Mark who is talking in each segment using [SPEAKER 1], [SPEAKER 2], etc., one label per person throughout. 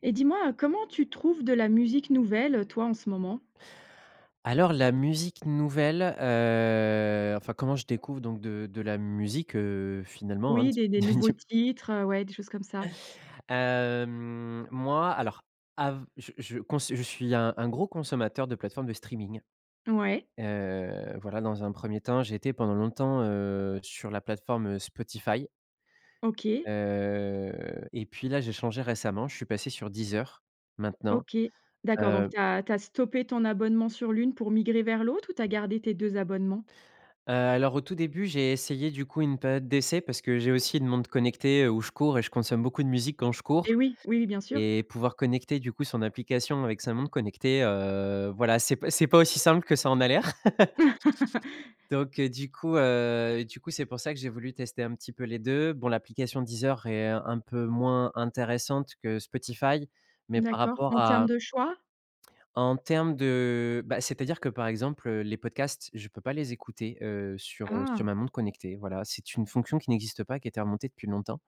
[SPEAKER 1] Eh dis-moi, comment tu trouves de la musique nouvelle toi, en ce moment?
[SPEAKER 2] Alors, la musique nouvelle, heu enfin, comment je découvre donc de de la musique, heu, finalement, hein,
[SPEAKER 1] Oui,
[SPEAKER 2] s
[SPEAKER 1] des des nouveaux
[SPEAKER 2] dendiou
[SPEAKER 1] titres, heu, ouais des choses comme ça.
[SPEAKER 2] hem, moi alors, av je je cons je suis un un gros consommateur de plateforme de streaming.
[SPEAKER 1] Ouais.
[SPEAKER 2] Heu, voilà dans un 1er temps j'ai été pendant longtemps, heu, sur la plateforme, heu, Spotify
[SPEAKER 1] OK.
[SPEAKER 2] heu, et puis, là, j'ai changé récemment, je suis passé sur Deezer. Maintenant,
[SPEAKER 1] OK. D'accord. Donc
[SPEAKER 2] heu
[SPEAKER 1] tu as tu as stoppé ton abonnement sur l'une pour migrer vers l'autre ou tu as gardé tes 2 abonnements?
[SPEAKER 2] Heu, alors, au tout début, j'ai essayé, du coup, une période d'essai, parce que j'ai aussi une montre connectée où je cours et je consomme beaucoup de musique quand je cours.
[SPEAKER 1] Et oui, oui, oui bien sûr.
[SPEAKER 2] Et pouvoir connecter, du coup, son application avec sa montre connectée, heu, voilà c'est pa c'est pas aussi simple que ça en a l'air! Donc, heu, du coup, heu, du coup c'est pour ça que j'ai voulu tester un petit peu les 2. Bon l'application Deezer est un peu moins intéressante que Spotify, mais
[SPEAKER 1] Mmh,
[SPEAKER 2] par
[SPEAKER 1] d'accord.
[SPEAKER 2] rapport
[SPEAKER 1] En termes
[SPEAKER 2] à
[SPEAKER 1] de choix?
[SPEAKER 2] en termes de bah, c'est-à-dire que, par exemple, heu, les podcasts, je peux pas les écouter, heu, sur, heu, sur
[SPEAKER 1] Ah.
[SPEAKER 2] ma montre connectée, voilà. C'est une fonction qui n'existe pas et qui a été remontée depuis longtemps.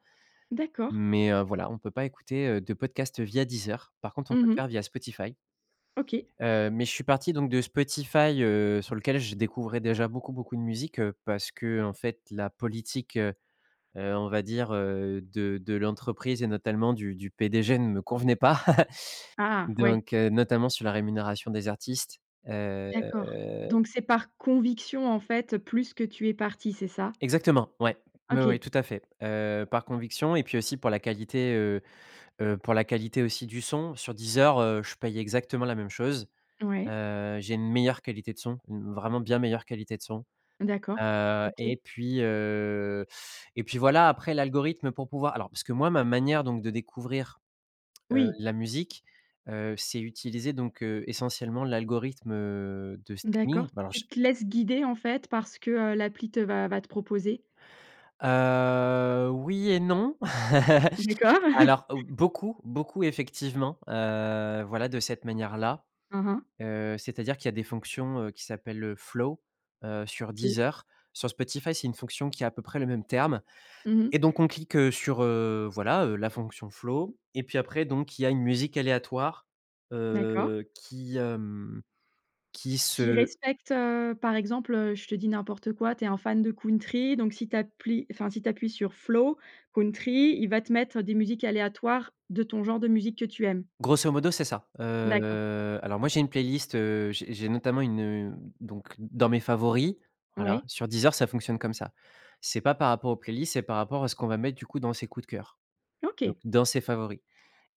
[SPEAKER 1] D'accord.
[SPEAKER 2] Mais, heu, voilà, on peut pas écouter, heu, de podcasts via Deezer, par contre on
[SPEAKER 1] Mmh
[SPEAKER 2] peut le
[SPEAKER 1] mh.
[SPEAKER 2] faire via Spotify.
[SPEAKER 1] OK.
[SPEAKER 2] Heu, mais je suis parti donc de Spotify, heu, sur lequel je découvrais déjà beaucoup, beaucoup de musiques, heu parce qu'en fait la politique, heu heu, on va dire, heu, de de l'entreprise et notamment du du PDG ne me convenait pas.
[SPEAKER 1] Ah! Ouais.
[SPEAKER 2] Donc, heu, notamment sur la rémunération des artistes, heu
[SPEAKER 1] D'accord. Donc c'est par conviction en fait, plus que tu es parti, c'est ça?
[SPEAKER 2] Exactement, ouais. Ouais, ouais
[SPEAKER 1] OK.
[SPEAKER 2] tout à fait. Heu, par conviction et puis aussi pour la qualité, heu heu, pour la qualité aussi du son, sur Deezer, heu, je paye exactement la même chose.
[SPEAKER 1] Ouais.
[SPEAKER 2] Heu, j'ai une meilleure qualité de son, une vraiment bien meilleure qualité de son.
[SPEAKER 1] D'accord.
[SPEAKER 2] Heu
[SPEAKER 1] OK.
[SPEAKER 2] et puis, heu et puis voilà après l'algorithme pour pouvoir alors parce que moi ma manière donc de découvrir, heu,
[SPEAKER 1] Oui.
[SPEAKER 2] la musique, heu, c'est utiliser donc, heu, essentiellement l'algorithme, heu, de
[SPEAKER 1] D'accord,
[SPEAKER 2] streaming. Bah, alors
[SPEAKER 1] tu
[SPEAKER 2] je
[SPEAKER 1] te laisses guider, en fait, par ce que, heu, l'appli te va va te proposer?
[SPEAKER 2] Heu, oui et non.
[SPEAKER 1] D'accord.
[SPEAKER 2] Alors, heu, beaucoup, beaucoup effectivement, heu, voilà de cette manière-là,
[SPEAKER 1] Mmh mh.
[SPEAKER 2] heu, c'est-à-dire qu'il y a des fonctions, heu, qui s'appellent heu, flow, heu, sur
[SPEAKER 1] OK.
[SPEAKER 2] Deezer. Sur Spotify, c'est une fonction qui a à peu près le même terme.
[SPEAKER 1] Mmh
[SPEAKER 2] Et
[SPEAKER 1] mh.
[SPEAKER 2] donc on clique heu, sur heu, voilà heu, la fonction flow. Et puis après donc, il y a une musique aléatoire,
[SPEAKER 1] D'accord.
[SPEAKER 2] heu, qui, hem, qui
[SPEAKER 1] Qui
[SPEAKER 2] se
[SPEAKER 1] respecte, heu, par exemple, heu, je te dis n'importe quoi, tu es un fan de country donc si tu appli enfin si tu appuies sur flow, country, il va te mettre des musiques aléatoires de ton genre de musique que tu aimes?
[SPEAKER 2] Grosso modo, c'est ça.
[SPEAKER 1] D'accord.
[SPEAKER 2] Heu, alors moi j'ai une playlist, heu, j'ai j'ai notamment une heu, donc dans mes favoris, voilà.
[SPEAKER 1] Ouais.
[SPEAKER 2] Sur Deezer ça fonctionne comme ça. C'est pas par rapport aux playlists, c'est par rapport à ce qu'on va mettre, du coup, dans ses coups de cœur, donc
[SPEAKER 1] OK.
[SPEAKER 2] dans ses favoris.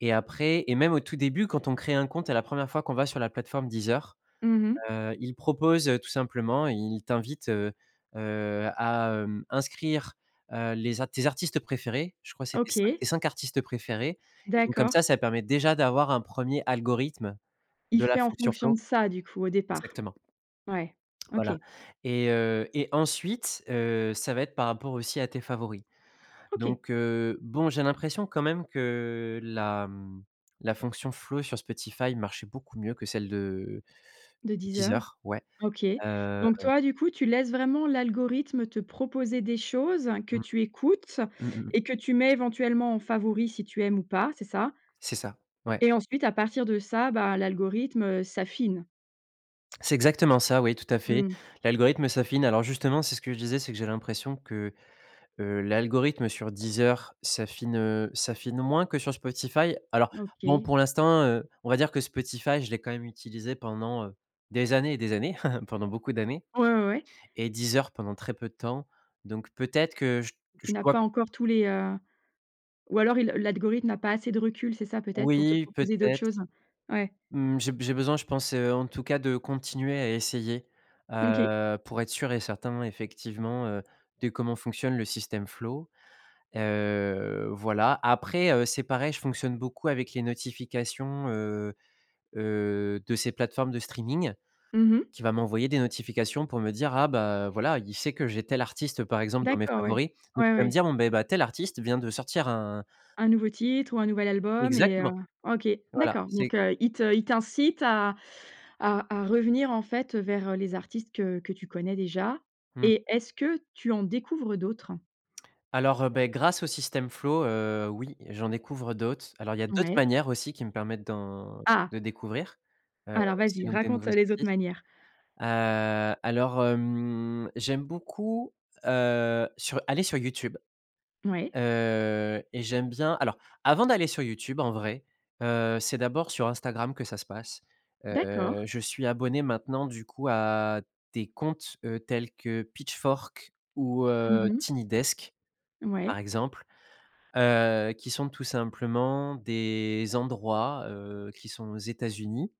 [SPEAKER 2] Et après et même au tout début quand on crée un compte et la 1re fois qu'on va sur la plateforme Deezer,
[SPEAKER 1] Mmh mh.
[SPEAKER 2] heu, ils proposent heu tout simplement, ils t'invitent, heu heu, à, hem, inscrire, heu, les a tes artistes préférés, je crois c'est tes cin tes
[SPEAKER 1] OK.
[SPEAKER 2] 5 artistes préférés et donc comme ça,
[SPEAKER 1] D'accord.
[SPEAKER 2] ça permet déjà d'avoir un 1er algorithme
[SPEAKER 1] Il
[SPEAKER 2] de la
[SPEAKER 1] fait en
[SPEAKER 2] fonction
[SPEAKER 1] fonction
[SPEAKER 2] flow
[SPEAKER 1] de ça, du coup, au départ?
[SPEAKER 2] exactement.
[SPEAKER 1] Ouais. OK.
[SPEAKER 2] Voilà. Et heu et ensuite, heu, ça va être par rapport aussi à tes favoris.
[SPEAKER 1] OK.
[SPEAKER 2] Donc, heu bon, j'ai l'impression quand même que la, mmh, la fonction flow sur Spotify marchait beaucoup mieux que celle de
[SPEAKER 1] De
[SPEAKER 2] de
[SPEAKER 1] Deezer.
[SPEAKER 2] Deezer. Ouais,
[SPEAKER 1] OK.
[SPEAKER 2] heu
[SPEAKER 1] Donc, toi, du coup tu laisses vraiment l'algorithme te proposer des choses que
[SPEAKER 2] Mmh.
[SPEAKER 1] tu écoutes
[SPEAKER 2] Mmh mmh mh.
[SPEAKER 1] et que tu mets éventuellement en favori si tu aimes ou pas, c'est ça?
[SPEAKER 2] C'est ça. Ouais.
[SPEAKER 1] Et ensuite à partir de ça, bah, l'algorithme s'affine.
[SPEAKER 2] C'est exactement ça, oui, tout à fait.
[SPEAKER 1] Mmh.
[SPEAKER 2] L'algorithme s'affine alors, justement, c'est ce que je disais c'est que j'ai l'impression que, heu, l'algorithme sur Deezer s'affine, heu, s'affine moins que sur Spotify alors, bon,
[SPEAKER 1] OK.
[SPEAKER 2] pour l'instant, heu, on va dire que Spotify, je l'ai quand même utilisé pendant, heu, des années et des années, pendant beaucoup d'années
[SPEAKER 1] Ouais, ouais, ouais.
[SPEAKER 2] et Deezer pendant très peu de temps, donc peut-être que je que
[SPEAKER 1] Tu
[SPEAKER 2] je
[SPEAKER 1] n'as
[SPEAKER 2] dois
[SPEAKER 1] pas encore tous les, heu, ou alors il l'algorithme n'a pas assez de recul, c'est ça, peut-être, pour te
[SPEAKER 2] Oui,
[SPEAKER 1] proposer d'autres
[SPEAKER 2] peut-être,
[SPEAKER 1] choses? Ouais.
[SPEAKER 2] mmh, j'ai be j'ai besoin je pense, heu, en tout cas, de continuer à essayer,
[SPEAKER 1] Mmh, OK.
[SPEAKER 2] heu, pour être sûr et certain, effectivement, heu, de comment fonctionne le system flow, heu, voilà, après, heu, c'est pareil, je fonctionne beaucoup avec les notifications, heu heu, de ces plateformes de streaming,
[SPEAKER 1] Mmh mh.
[SPEAKER 2] qui va m'envoyer des notifications pour me dire, ah, bah voilà, il sait que j'ai tel artiste, par exemple, dans mes
[SPEAKER 1] D'accord, ouais.
[SPEAKER 2] favoris, [unintelligible] il
[SPEAKER 1] Ouais,
[SPEAKER 2] va me
[SPEAKER 1] ouais.
[SPEAKER 2] dire, bon, beh, tel artiste vient de sortir un
[SPEAKER 1] Un nouveau titre ou un nouvel album et heu,
[SPEAKER 2] Exactement,
[SPEAKER 1] OK,
[SPEAKER 2] voilà,
[SPEAKER 1] d'accord,
[SPEAKER 2] c'est
[SPEAKER 1] donc heu, il te il t'incite à à à revenir, en fait, vers, heu, les artistes que que tu connais déjà
[SPEAKER 2] Mmh.
[SPEAKER 1] et est-ce que tu en découvres d'autres?
[SPEAKER 2] Alors, heu, beh, grâce au system flow, heu, oui, j'en découvre d'autres, alors il y a d'autres
[SPEAKER 1] Ouais.
[SPEAKER 2] manières aussi qui me permettent d'en
[SPEAKER 1] Ah!
[SPEAKER 2] de découvrir, heu,
[SPEAKER 1] Alors,
[SPEAKER 2] aussi
[SPEAKER 1] vas-y,
[SPEAKER 2] donc des nouveaux
[SPEAKER 1] raconte, heu, les autres
[SPEAKER 2] artistes,
[SPEAKER 1] manières.
[SPEAKER 2] heu, alors, hem, j'aime beaucoup, heu, sur aller sur YouTube,
[SPEAKER 1] Ouais.
[SPEAKER 2] heu et j'aime bien alors, avant d'aller sur YouTube, en vrai, heu, c'est d'abord sur Instagram que ça se passe, heu,
[SPEAKER 1] D'accord.
[SPEAKER 2] je suis abonné maintenant, du coup, à des comptes, heu, tels que Pitchfork ou
[SPEAKER 1] Mmh
[SPEAKER 2] heu,
[SPEAKER 1] mh.
[SPEAKER 2] Tiny Desk, par
[SPEAKER 1] Mouais.
[SPEAKER 2] exemple, heu, qui sont tout simplement des endroits, heu, qui sont aux États-Unis,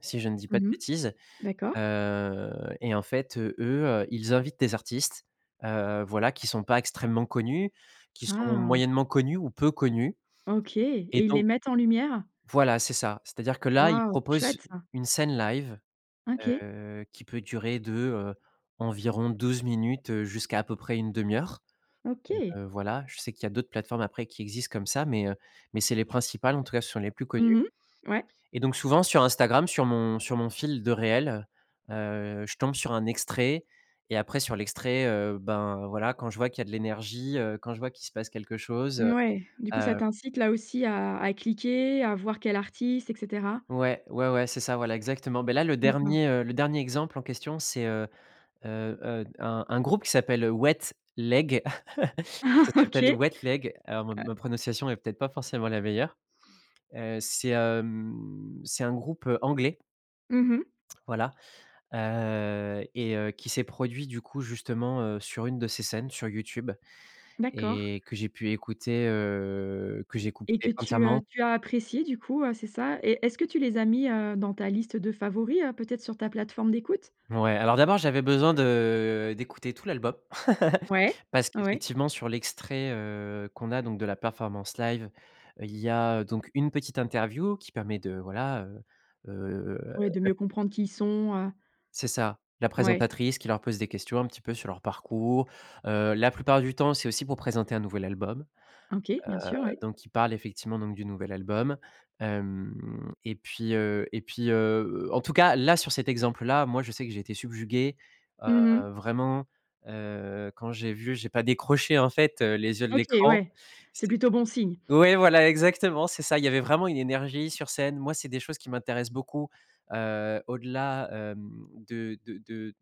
[SPEAKER 2] si je ne dis pas de
[SPEAKER 1] Mmh mh.
[SPEAKER 2] bêtises,
[SPEAKER 1] D'accord.
[SPEAKER 2] heu et en fait, heu, eux, ils invitent des artistes, heu, voilà, qui sont pas extrêmement connus, qui sont
[SPEAKER 1] Ah!
[SPEAKER 2] moyennement connus ou peu connus
[SPEAKER 1] OK et
[SPEAKER 2] et
[SPEAKER 1] ils les
[SPEAKER 2] donc
[SPEAKER 1] mettent en lumière?
[SPEAKER 2] Voilà, c'est ça. C'est-à-dire que, là, ils
[SPEAKER 1] Waouh!
[SPEAKER 2] proposent,
[SPEAKER 1] Chouette ça.
[SPEAKER 2] une scène live,
[SPEAKER 1] OK.
[SPEAKER 2] heu, qui peut durer de, heu, environ 12 minutes jusqu'à à peu près une 1/2 heure,
[SPEAKER 1] OK.
[SPEAKER 2] [unintelligible] heu, voilà, je sais qu'il y a d'autres plateformes après qui existent comme ça mais heu, mais c'est les principales, en tout cas, ce sont les plus connues
[SPEAKER 1] Mmh mh. Ouais.
[SPEAKER 2] et donc souvent sur Instagram, sur mon sur mon fil de réels, heu, je tombe sur un extrait et après sur l'extrait, heu, ben, voilà, quand je vois qu'il y a de l'énergie, heu, quand je vois qu'il se passe quelque chose,
[SPEAKER 1] N
[SPEAKER 2] heu
[SPEAKER 1] ouais, du coup, ça
[SPEAKER 2] heu
[SPEAKER 1] t'incite, là aussi, à à cliquer, à voir quel artiste et cetera?
[SPEAKER 2] Ouais, ouais, ouais, c'est ça, voilà, exactement, beh, là, le
[SPEAKER 1] D'accord.
[SPEAKER 2] dernier, heu, le dernier exemple en question c'est, heu heu heu, un un groupe qui s'appelle Wet Leg. Ça s'appelle
[SPEAKER 1] OK,
[SPEAKER 2] Wet Leg alors ma
[SPEAKER 1] heu
[SPEAKER 2] ma prononciation est peut-être pas forcément la meilleure, heu, c'est, hem, c'est un groupe, heu, anglais
[SPEAKER 1] Mmh mh.
[SPEAKER 2] voilà, heu et heu qui s'est produit, du coup, justement, heu, sur une de ces scènes, sur YouTube
[SPEAKER 1] D'accord.
[SPEAKER 2] et que j'ai pu écouter, heu, que
[SPEAKER 1] Et que
[SPEAKER 2] j'écoutais
[SPEAKER 1] tu, heu,
[SPEAKER 2] entièrement
[SPEAKER 1] tu as apprécié du coup, heu, c'est ça et est-ce que tu les as mis, heu, dans ta liste de favoris, heu, peut-être sur ta plateforme d'écoute?
[SPEAKER 2] Ouais, alors d'abord, j'avais besoin de d'écouter tout l'album
[SPEAKER 1] Ouais,
[SPEAKER 2] parce
[SPEAKER 1] ouais.
[SPEAKER 2] qu'effectivement sur l'extrait, heu, qu'on a donc de la performance live, il y a donc une petite interview qui permet de voilà, heu heu
[SPEAKER 1] Ouais, de mieux comprendre qui ils sont, heu
[SPEAKER 2] C'est ça, la
[SPEAKER 1] Ouais.
[SPEAKER 2] présentatrice qui leur pose des questions un petit peu sur leur parcours, heu, la plupart du temps, c'est aussi pour présenter un nouvel album,
[SPEAKER 1] OK, bien sûr,
[SPEAKER 2] heu,
[SPEAKER 1] ouais.
[SPEAKER 2] donc ils parlent, effectivement, donc du nouvel album, hem et puis, heu et puis, heu heu en tout cas, là, sur cet exemple-là, moi, je sais que j'ai été subjugué, heu,
[SPEAKER 1] Mmh mh.
[SPEAKER 2] vraiment, heu, quand j'ai vu j'ai pas décroché, en fait, heu, les yeux de
[SPEAKER 1] OK,
[SPEAKER 2] l'écran,
[SPEAKER 1] ouais, c'est
[SPEAKER 2] c
[SPEAKER 1] plutôt bon signe.
[SPEAKER 2] ouais, voilà, exactement, c'est ça! Il y avait vraiment une énergie sur scène, moi, c'est des choses qui m'intéressent beaucoup, heu, au-delà, hem, de de de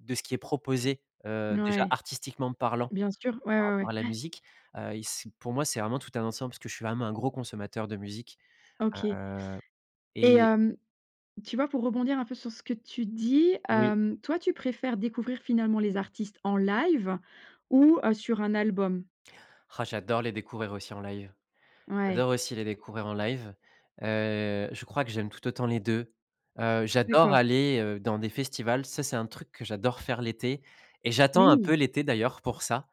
[SPEAKER 2] de ce qui est proposé, heu,
[SPEAKER 1] N
[SPEAKER 2] déjà,
[SPEAKER 1] ouais.
[SPEAKER 2] artistiquement parlant
[SPEAKER 1] Bien sûr, ouais,
[SPEAKER 2] par
[SPEAKER 1] ouais, ouais,
[SPEAKER 2] rapport à la
[SPEAKER 1] ouais.
[SPEAKER 2] musique, heu, il c'est pour moi, c'est vraiment tout un ensemble parce que je suis vraiment un gros consommateur de musique,
[SPEAKER 1] OK.
[SPEAKER 2] heu
[SPEAKER 1] Et
[SPEAKER 2] et
[SPEAKER 1] hem, tu vois, pour rebondir un peu sur ce que tu dis,
[SPEAKER 2] Oui.
[SPEAKER 1] hem, toi, tu préfères découvrir finalement les artistes en live ou, heu, sur un album?
[SPEAKER 2] J'adore les découvrir aussi en live.
[SPEAKER 1] Ouais.
[SPEAKER 2] J'adore aussi les découvrir en live, heu, je crois que j'aime tout autant les 2, heu, j'adore
[SPEAKER 1] D'accord.
[SPEAKER 2] aller, heu, dans des festivals, ça c'est un truc que j'adore faire l'été et j'attends un peu
[SPEAKER 1] Oui!
[SPEAKER 2] l'été d'ailleurs pour ça,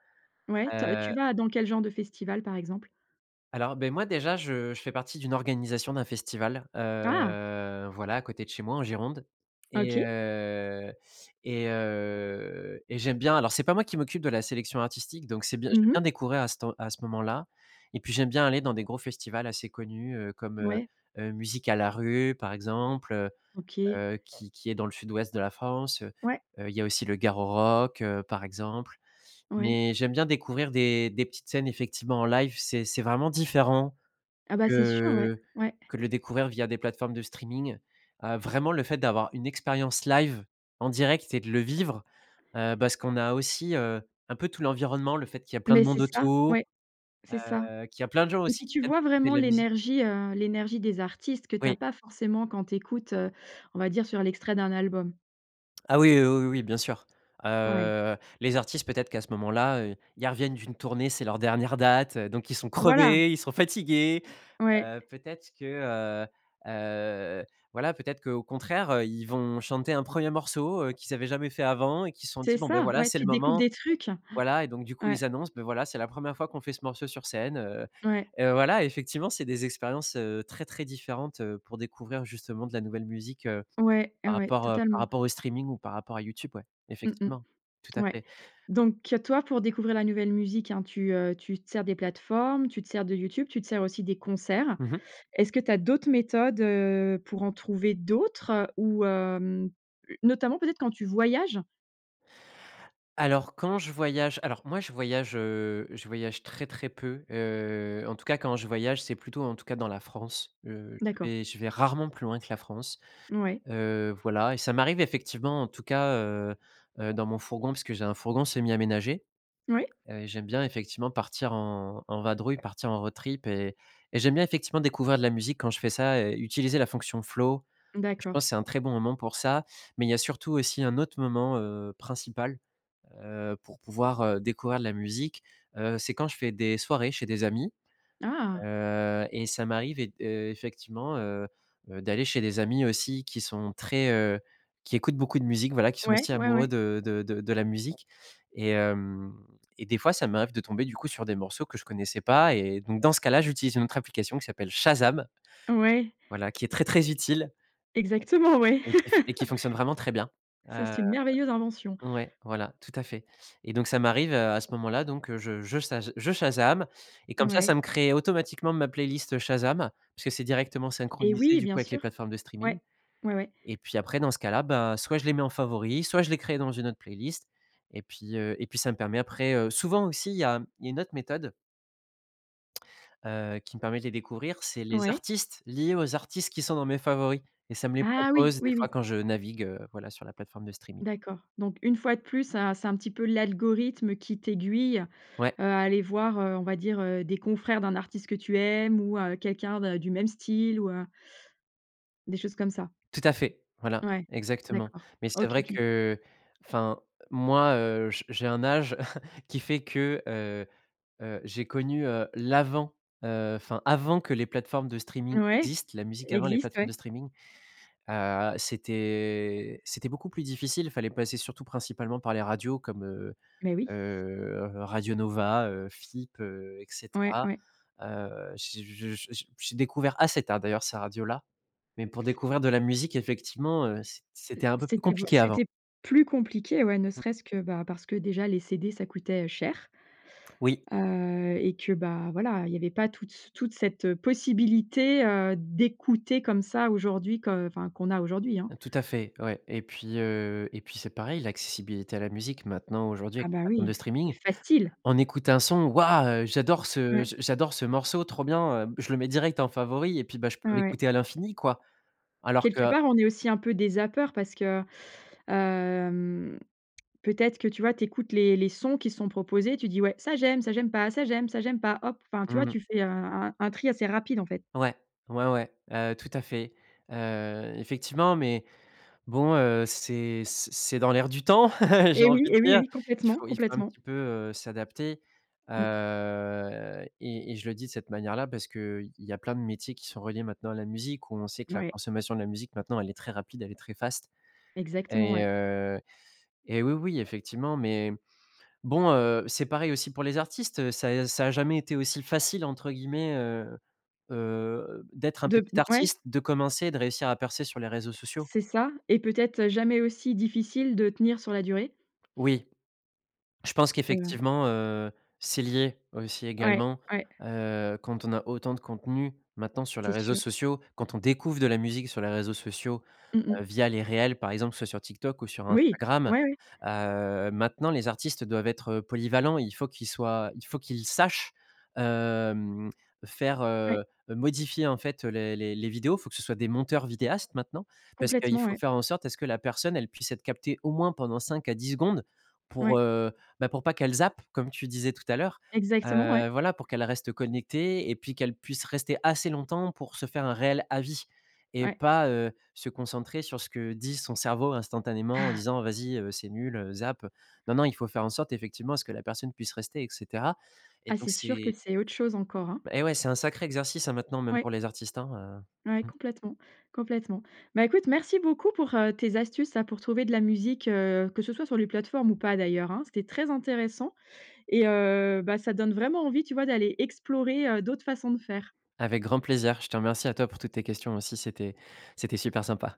[SPEAKER 1] Ouais, te tu
[SPEAKER 2] heu
[SPEAKER 1] vas dans quel genre de festival, par exemple?
[SPEAKER 2] Alors, beh, moi, déjà, je je fais partie d'une organisation d'un festival,
[SPEAKER 1] Ah!
[SPEAKER 2] heu, voilà, à côté de chez moi, en Gironde et
[SPEAKER 1] OK.
[SPEAKER 2] heu et heu et j'aime bien alors c'est pas moi qui m'occupe de la sélection artistique, donc c'est bien
[SPEAKER 1] Mmh
[SPEAKER 2] j'aime
[SPEAKER 1] mh.
[SPEAKER 2] bien découvrir à cette à ce moment-là et puis j'aime bien aller dans des gros festivals assez connus, heu, comme, heu
[SPEAKER 1] Ouais.
[SPEAKER 2] heu, Musicalarue, par exemple, heu
[SPEAKER 1] OK.
[SPEAKER 2] heu, qui qui est dans le sud-ouest de la France, heu,
[SPEAKER 1] Ouais.
[SPEAKER 2] il y a aussi le Garorock, par exemple
[SPEAKER 1] Ouais.
[SPEAKER 2] mais j'aime bien découvrir des des petites scènes, effectivement, en live, c'est c'est vraiment différent
[SPEAKER 1] Ah, bah, c'est sûr, ouais.
[SPEAKER 2] que
[SPEAKER 1] Ouais.
[SPEAKER 2] que de le découvrir via des plateformes de streaming, heu, vraiment le fait d'avoir une expérience live en direct et de le vivre, heu, parce qu'on a aussi, heu, un peu tout l'environnement, le fait qu'il y ait plein de
[SPEAKER 1] Mais c'est
[SPEAKER 2] monde
[SPEAKER 1] ça,
[SPEAKER 2] autour,
[SPEAKER 1] ouais, c'est ça
[SPEAKER 2] heu, qu'il y a plein de gens
[SPEAKER 1] et
[SPEAKER 2] aussi
[SPEAKER 1] puis
[SPEAKER 2] qui
[SPEAKER 1] tu
[SPEAKER 2] viennent
[SPEAKER 1] vois,
[SPEAKER 2] pour écouter de
[SPEAKER 1] vraiment,
[SPEAKER 2] la musi
[SPEAKER 1] l'énergie, heu, l'énergie des artistes que tu as
[SPEAKER 2] Oui.
[SPEAKER 1] pas forcément quand tu écoutes, heu, on va dire sur l'extrait d'un album.
[SPEAKER 2] Ah, oui, oui, oui, oui, oui, bien sûr,
[SPEAKER 1] Ouais.
[SPEAKER 2] heu, les artistes, peut être qu'à ce moment-là, heu, ils reviennent d'une tournée. C'est leur dernière date, heu, donc ils sont
[SPEAKER 1] Voilà!
[SPEAKER 2] crevés, ils sont fatigués.
[SPEAKER 1] Ouais.
[SPEAKER 2] Heu, peut-être que, heu heu, voilà, peut-être qu'au contraire, heu, ils vont chanter un 1er morceau, heu, qu'ils avaient jamais fait avant et qu'ils se sont
[SPEAKER 1] C'est
[SPEAKER 2] dit: «Bon, beh,
[SPEAKER 1] ça,
[SPEAKER 2] voilà,
[SPEAKER 1] ouais,
[SPEAKER 2] c'est le
[SPEAKER 1] tu découvres
[SPEAKER 2] moment»,
[SPEAKER 1] des trucs.
[SPEAKER 2] voilà et donc du coup,
[SPEAKER 1] Ouais.
[SPEAKER 2] ils annoncent: «Beh, voilà, c'est la 1re fois qu'on fait ce morceau sur scène, heu»
[SPEAKER 1] Ouais.
[SPEAKER 2] et heu, voilà, effectivement, c'est des expériences, heu, très différentes, heu, pour découvrir justement de la nouvelle musique, heu,
[SPEAKER 1] Ouais,
[SPEAKER 2] par
[SPEAKER 1] ouais,
[SPEAKER 2] rapport, heu, par
[SPEAKER 1] totalement.
[SPEAKER 2] rapport au streaming ou par rapport à YouTube, ouais,
[SPEAKER 1] Mmh
[SPEAKER 2] effectivement,
[SPEAKER 1] mmh.
[SPEAKER 2] tout à
[SPEAKER 1] Ouais.
[SPEAKER 2] fait.
[SPEAKER 1] Donc toi, pour découvrir la nouvelle musique, hein, tu, heu, tu te sers des plateformes, tu te sers de YouTube, tu te sers aussi des concerts.
[SPEAKER 2] Mmh mh.
[SPEAKER 1] Est-ce que tu as d'autres méthodes, heu, pour en trouver d'autres ou hem notamment, peut-être, quand tu voyages?
[SPEAKER 2] Alors, quand je voyage alors, moi, je voyage, heu, je voyage très, très peu. Heu, en tout cas, quand je voyage, c'est plutôt, en tout cas, dans la France. Heu, je
[SPEAKER 1] D'accord.
[SPEAKER 2] vais je vais rarement plus loin que la France.
[SPEAKER 1] N ouais.
[SPEAKER 2] Heu, voilà et ça m'arrive, effectivement, en tout cas, heu heu, dans mon fourgon, puisque j'ai un fourgon semi-aménagé.
[SPEAKER 1] Oui.
[SPEAKER 2] Heu et j'aime bien, effectivement, partir en en vadrouille, partir en road trip et et j'aime bien, effectivement, découvrir de la musique quand je fais ça et utiliser la fonction flow et je
[SPEAKER 1] D'accord.
[SPEAKER 2] pense que c'est un très bon moment pour ça. Mais il y a surtout, aussi, un autre moment, heu, principal, heu, pour pouvoir, heu, découvrir de la musique, heu, c'est quand je fais des soirées chez des amis,
[SPEAKER 1] Ah!
[SPEAKER 2] heu et ça m'arrive et d heu, effectivement, heu heu, d'aller chez des amis, aussi, qui sont très, heu, qui écoutent beaucoup de musique, voilà, qui sont
[SPEAKER 1] Ouais.
[SPEAKER 2] aussi
[SPEAKER 1] Ouais,
[SPEAKER 2] amoureux
[SPEAKER 1] ouais.
[SPEAKER 2] de de de la musique et hem et des fois, ça m'arrive de tomber, du coup, sur des morceaux que je connaissais pas et donc dans ce cas-là, j'utilise une autre application qui s'appelle Shazam
[SPEAKER 1] Ouais.
[SPEAKER 2] voilà qui est très, très utile
[SPEAKER 1] Exactement, ouais.
[SPEAKER 2] et qui f et qui fonctionne vraiment très bien,
[SPEAKER 1] Ça,
[SPEAKER 2] heu
[SPEAKER 1] c'est une merveilleuse invention.
[SPEAKER 2] ouais, voilà, tout à fait et donc ça m'arrive, heu, à ce moment-là donc je je saj je Shazam et comme ça, ça
[SPEAKER 1] Mouais.
[SPEAKER 2] me crée automatiquement ma playlist Shazam puisque c'est directement
[SPEAKER 1] Eh,
[SPEAKER 2] synchronisé,
[SPEAKER 1] oui,
[SPEAKER 2] du
[SPEAKER 1] bien
[SPEAKER 2] coup, avec les
[SPEAKER 1] sûr.
[SPEAKER 2] plateformes de streaming
[SPEAKER 1] Ouais. Ouais, ouais.
[SPEAKER 2] et puis, après, dans ce cas-là, bah, soit je les mets en favoris, soit je les crée dans une autre playlist. Et puis heu et puis, ça me permet après heu souvent aussi il y a il y a une autre méthode heu, qui me permet de les découvrir, c'est les
[SPEAKER 1] Ouais.
[SPEAKER 2] artistes liés aux artistes qui sont dans mes favoris et ça me les
[SPEAKER 1] Ah, oui.
[SPEAKER 2] propose, des
[SPEAKER 1] Oui,
[SPEAKER 2] fois,
[SPEAKER 1] oui.
[SPEAKER 2] quand je navigue, heu, voilà, sur la plateforme de streaming.
[SPEAKER 1] D'accord. Donc une fois de plus, c'est un c'est un petit peu l'algorithme qui t'aiguille, heu,
[SPEAKER 2] Ouais.
[SPEAKER 1] à aller voir, heu, on va dire, heu, des confrères d'un artiste que tu aimes ou heu, quelqu'un d'un du même style ou heu des choses comme ça.
[SPEAKER 2] Tout à fait. Voilà.
[SPEAKER 1] Ouais.
[SPEAKER 2] Exactement,
[SPEAKER 1] D'accord.
[SPEAKER 2] mais c'est
[SPEAKER 1] OK,
[SPEAKER 2] vrai
[SPEAKER 1] OK.
[SPEAKER 2] qu'enfin, moi, heu, j j'ai un âge qui fait que, heu heu, j'ai connu, heu, l'avant, heu, enfin, avant que les plateformes de streaming
[SPEAKER 1] Ouais,
[SPEAKER 2] existent, la musique avant les
[SPEAKER 1] existe,
[SPEAKER 2] plateformes
[SPEAKER 1] ouais.
[SPEAKER 2] de streaming. Heu, c'était c'était beaucoup plus difficile, fallait passer surtout principalement par les radios comme, heu
[SPEAKER 1] Mais oui.
[SPEAKER 2] heu, Radio Nova, heu, FIP, heu et
[SPEAKER 1] Ouais,
[SPEAKER 2] cetera.
[SPEAKER 1] ouais.
[SPEAKER 2] Heu, j'ai j j j'ai j'ai découvert assez tard, d'ailleurs, ces radios-là, mais pour découvrir de la musique, effectivement, heu, c
[SPEAKER 1] Heu,
[SPEAKER 2] c'était un peu plus
[SPEAKER 1] c'était beau
[SPEAKER 2] compliqué avant.
[SPEAKER 1] c'était plus compliqué, ouais, ne
[SPEAKER 2] Mmh mh.
[SPEAKER 1] serait-ce que, bah, parce que déjà les CD, ça coûtait, heu, cher
[SPEAKER 2] Oui.
[SPEAKER 1] heu et que, bah, voilà, il y avait pas toute c toute cette possibilité, heu, d'écouter comme ça aujourd'hui que enfin qu'on a aujourd'hui, hein.
[SPEAKER 2] Heu, tout à fait, ouais et puis, heu et puis, c'est pareil, l'accessibilité à la musique maintenant, aujourd'hui,
[SPEAKER 1] Ah,
[SPEAKER 2] avec les
[SPEAKER 1] bah,
[SPEAKER 2] plateformes
[SPEAKER 1] oui.
[SPEAKER 2] de
[SPEAKER 1] C'est
[SPEAKER 2] streaming,
[SPEAKER 1] facile.
[SPEAKER 2] on écoute un son: «Waouh, heu, j'adore ce
[SPEAKER 1] Ouais.
[SPEAKER 2] j j'adore ce morceau. Trop bien, heu, je le mets direct en favori et puis, bah, je
[SPEAKER 1] Ouais,
[SPEAKER 2] peux
[SPEAKER 1] ouais.
[SPEAKER 2] l'écouter à l'infini, quoi». Alors que
[SPEAKER 1] Quelque
[SPEAKER 2] heu
[SPEAKER 1] part, on est aussi un peu des zappeurs parce que, hem, peut-être que, tu vois, tu écoutes les les sons qui sont proposés. Tu dis: «Ouais, ça, j'aime, ça, j'aime pas, ça, j'aime, ça, j'aime pas. Hop!» Enfin, tu
[SPEAKER 2] Mmh
[SPEAKER 1] vois,
[SPEAKER 2] mh.
[SPEAKER 1] tu fais un un un tri assez rapide, en fait.
[SPEAKER 2] Ouais, ouais, ouais, heu, tout à fait. Heu, effectivement, mais bon, heu, c'est c c'est dans l'air du temps, j'ai
[SPEAKER 1] Eh,
[SPEAKER 2] envie
[SPEAKER 1] oui.
[SPEAKER 2] de
[SPEAKER 1] Eh oui, eh
[SPEAKER 2] dire.
[SPEAKER 1] oui,
[SPEAKER 2] Il
[SPEAKER 1] complètement.
[SPEAKER 2] faut il faut un
[SPEAKER 1] Complètement.
[SPEAKER 2] petit peu, heu, s'adapter.
[SPEAKER 1] Mmh.
[SPEAKER 2] Heu et et je le dis de cette manière-là parce qu'il y a plein de métiers qui sont reliés, maintenant, à la musique où on sait que la
[SPEAKER 1] Ouais.
[SPEAKER 2] consommation de la musique maintenant, elle est très rapide, elle est très fast.
[SPEAKER 1] Exactement,
[SPEAKER 2] Et
[SPEAKER 1] ouais.
[SPEAKER 2] heu, et oui, oui, effectivement, mais bon, heu, c'est pareil aussi pour les artistes, heu, ça a ça a jamais été aussi «facile», entre guillemets, heu heu, d'être un
[SPEAKER 1] De p
[SPEAKER 2] petit
[SPEAKER 1] de ouais?
[SPEAKER 2] artiste, de commencer, de réussir à percer sur les réseaux
[SPEAKER 1] C
[SPEAKER 2] sociaux.
[SPEAKER 1] c'est ça et peut-être, heu, jamais aussi difficile de tenir sur la durée.
[SPEAKER 2] Oui. Je pense
[SPEAKER 1] Heu
[SPEAKER 2] qu'effectivement, heu, c'est lié, aussi,
[SPEAKER 1] Ouais,
[SPEAKER 2] également,
[SPEAKER 1] ouais.
[SPEAKER 2] heu, quand on a autant de contenus, maintenant, sur les
[SPEAKER 1] C'est
[SPEAKER 2] réseaux
[SPEAKER 1] sûr.
[SPEAKER 2] sociaux, quand on découvre de la musique sur les réseaux sociaux,
[SPEAKER 1] Mmh
[SPEAKER 2] heu,
[SPEAKER 1] mmh.
[SPEAKER 2] via les réels, par exemple, soit sur TikTok ou sur
[SPEAKER 1] Oui!
[SPEAKER 2] Instagram,
[SPEAKER 1] Ouais, ouais.
[SPEAKER 2] heu, maintenant, les artistes doivent être, heu, polyvalents et il faut qu'ils soient il faut qu'ils sachent, hem, faire,
[SPEAKER 1] Ouais.
[SPEAKER 2] heu heu modifier, en fait, les les les vidéos. Il faut que ce soit des monteurs vidéastes maintenant. Parce qu'il
[SPEAKER 1] Complètement,
[SPEAKER 2] faut
[SPEAKER 1] ouais.
[SPEAKER 2] faire en sorte à ce que la personne, elle puisse être captée, au moins, pendant 5 à 10 secondes pour,
[SPEAKER 1] Ouais.
[SPEAKER 2] heu, bah, pour pas qu'elle zappe, comme tu disais tout à l'heure,
[SPEAKER 1] Exactement, ouais.
[SPEAKER 2] heu, voilà pour qu'elle reste connectée et puis qu'elle puisse rester assez longtemps pour se faire un réel avis et
[SPEAKER 1] Ouais.
[SPEAKER 2] pas, heu, se concentrer sur ce que dit son cerveau instantanément en disant: «Vas-y, heu, c'est nul, heu, zappe». Non, non, il faut faire en sorte, effectivement, à ce que la personne puisse rester et cetera. Et
[SPEAKER 1] Ah,
[SPEAKER 2] donc
[SPEAKER 1] c'est sûr que
[SPEAKER 2] c'est
[SPEAKER 1] c'est autre chose encore, hein.
[SPEAKER 2] Eh, ouais, c'est un sacré exercice, hein, maintenant, même
[SPEAKER 1] Oui.
[SPEAKER 2] pour les artistes, hein,
[SPEAKER 1] Oui,
[SPEAKER 2] heu, mmh.
[SPEAKER 1] complètement, complètement. Bah, écoute merci beaucoup pour, heu, tes astuces, là, pour trouver de la musique, heu, que ce soit sur les plateformes ou pas, d'ailleurs, hein. C'était très intéressant et heu, bah, ça donne vraiment envie, tu vois, d'aller explorer, heu, d'autres façons de faire.
[SPEAKER 2] Avec grand plaisir. Je te remercie à toi pour toutes tes questions, aussi, c'était c'était super sympa.